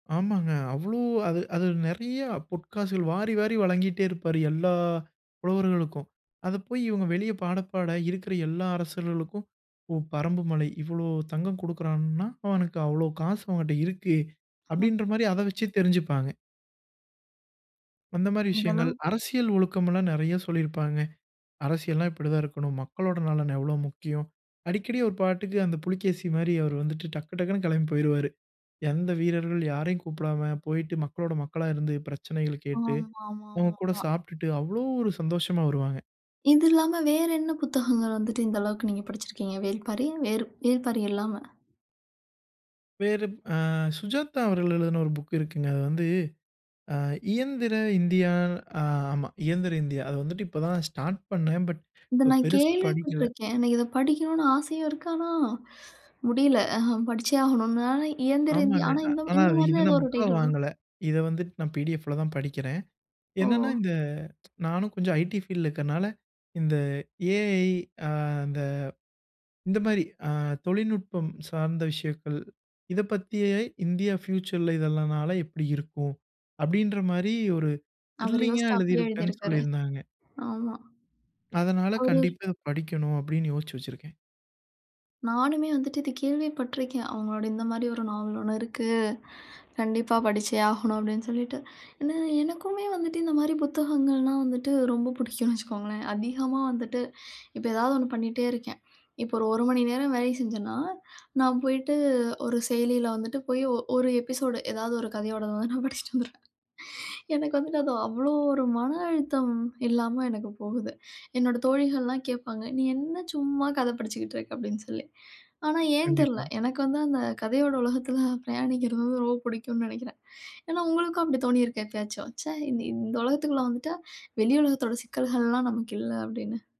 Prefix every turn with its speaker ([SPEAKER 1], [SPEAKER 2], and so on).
[SPEAKER 1] ஆமாங்க. அவ்ளோ அது அது நெறைய பொற்காசுகள் வாரி வாரி வழங்கிட்டே இருப்பாரு எல்லா புலவர்களுக்கும். அதைப் போய், இவங்க வெளியே பாடப்பாட இருக்கிற எல்லா அரசர்களுக்கும், "ஓ, பரம்புமலை இவ்வளோ தங்கம் குடுக்கறான்னா, அவனுக்கு அவளோ காசு அவன்கிட்ட இருக்கு!"
[SPEAKER 2] ஆ.
[SPEAKER 1] அப்படின்ற மாரி, அதை வச்சே தெரிஞ்சுப்பாங்க. அந்த மாரி
[SPEAKER 2] அந்த
[SPEAKER 1] விஷயங்கள்,
[SPEAKER 2] அளவுக்கு.
[SPEAKER 1] அரசியல் ஒழுக்கம் எல்லாம் நெறைய சொல்லி இருப்பாங்க. அரசியல்னா இப்படித்தா இருக்கணும். மக்களோட நலன் எவ்வளோ முக்கியம். அடிக்கடி, ஒரு பாட்டுக்கு, அந்தப் புலிக்கேசி மாரி அவர் வந்துட்டு டக்கு டக்குன்னு கேளம்பி போயிருவாரு. எந்த வீரர்கள் யாரை கூப்பிடாம, போயிட்டு மக்களோட மக்களா இருந்து பிரச்சனைகளைக் கேட்டு,
[SPEAKER 2] ஆம். ஆமா,
[SPEAKER 1] அவங்க
[SPEAKER 2] ஆமா. அ,
[SPEAKER 1] கூடச் சாப்பிட்டுட்டு, அவ்ளோ ஒரு சந்தோஷமா வருவாங்க.
[SPEAKER 2] இது இல்லாம, வேற என்ன புத்தகங்கள் வந்துட்டு இந்த அளவுக்கு நீங்கப் படிச்சிருக்கீங்க? வேல்பாரி. வேற வேல்பாரி இல்லாம.
[SPEAKER 1] வேறு, அ சுஜாதா அவர்கள் எழுதுன ஒரு புக் இருக்குங்க. அது வந்து அ இயந்திர இந்தியா. ஆ. ஆமா, இயந்திர இந்தியா. அது வந்துட்டு இப்பதா ஸ்டார்ட் பண்ணேன், பட்
[SPEAKER 2] இத நான்
[SPEAKER 1] பெருசா படிக்கல.
[SPEAKER 2] கேள்விப்பட்டுருக்கேன். ஆனா, இத படிக்கணும்னு ஆசையும் இருக்கு. ஆனா, முடியலை. படிச்சே ஆகணும்னு. ஆனா, இயந்திர இந்தியா.
[SPEAKER 1] ஆமாங்க.
[SPEAKER 2] ஆனா,
[SPEAKER 1] அ,
[SPEAKER 2] இந்த மா
[SPEAKER 1] ஆனா,
[SPEAKER 2] இந்த
[SPEAKER 1] இத
[SPEAKER 2] மாரிதா ஏதோ
[SPEAKER 1] நான்
[SPEAKER 2] ஒரு
[SPEAKER 1] புக்கா
[SPEAKER 2] டைட்டில் வரும்.
[SPEAKER 1] வாங்கல. இத வந்துட்டு நான் பிடிஎஃப்ல தான் படிக்கிறேன். என்னன்னா,
[SPEAKER 2] ஓ!
[SPEAKER 1] இந்த நான்னு கொஞ்சம் ஐடி ஃபீல்ட்ல இருக்கறனால, இந்த ஏஐ, ஆ, அந்த இந்த மாரி அ தொழில்நுட்பம் சார்ந்த விஷயங்கள். இதைப் பத்தி ஏஐ இந்தியா ஃப்யூச்சர்ல இதெல்லாம் னால எப்படி இருக்கு. அப்படின்ற மாரி, ஒரு
[SPEAKER 2] அவரு
[SPEAKER 1] த்ரில்லிங்கா
[SPEAKER 2] யோசிச்சு அப்படியே எழுதி
[SPEAKER 1] எழுதியிருப்பேன் சொல்லி
[SPEAKER 2] இருக்காரு.
[SPEAKER 1] இருந்தாங்க.
[SPEAKER 2] ஆமா.
[SPEAKER 1] அதனால,
[SPEAKER 2] அவரு
[SPEAKER 1] கண்டிப்பா இத படிக்கணு அப்படின்னு யோசிச்சு வச்சிருக்கேன்.
[SPEAKER 2] நானுமே வந்துட்டு இத கேள்விப்பட்டிருக்கேன். அவங்களோட இந்த மாரி ஒரு நாவல் ஒண்ணு இருக்கு. கண்டிப்பா படிச்சே ஆகணு அப்படின்னு சொல்லிட்டு. ஏன்னா, எனக்குமே வந்துட்டு இந்த மாரி புத்தகங்கள்னா வந்துட்டு ரொம்ப பிடிக்கும்னு வச்சுக்கோங்களேன். அதிகமா வந்துட்டு இப்ப ஏதாவது ஒண்ணு பண்ணிட்டே இருக்கேன். இப்ப ஒரு 1 மணி நேரம் வேலை செஞ்சன்னா, நான் போயிட்டு ஒரு செயலில வந்துட்டு போய், ஒ ஒரு எபிசோடு, ஏதாவது ஒரு கதையோடத வந்து நான் படிச்சுட்டு வந்துடுவேன். எனக்கு வந்துட்டு அது அவ்வளோ ஒரு மன அழுத்தம் இல்லாம எனக்குப் போகுது. என்னோட தோழிகள் எல்லா கேப்பாங்க, "நீ என்ன சும்மா கதை படிச்சிகிட்டு இருக்க?" அப்படின்னு சொல்லி. ஆனா, ஏன் தெரியல.
[SPEAKER 1] கண்டிப்பா.
[SPEAKER 2] எனக்கு வந்து அந்தக் கதையோட உலகத்துல பிரயாணிக்கிறது வந்து ரொம்ப பிடிக்கும்னு நெனைக்கிறேன். ஏன்னா, உங்களுக்கும் அப்படி தோணியிருக்கே எப்பயாச்சும்? "ச்சே இந்த உலகத்துக்குள்ள வந்துட்டா வெளியுலகத்தோட சிக்கல்கள்லாம் நமக்கு இல்ல" அப்படின்னு.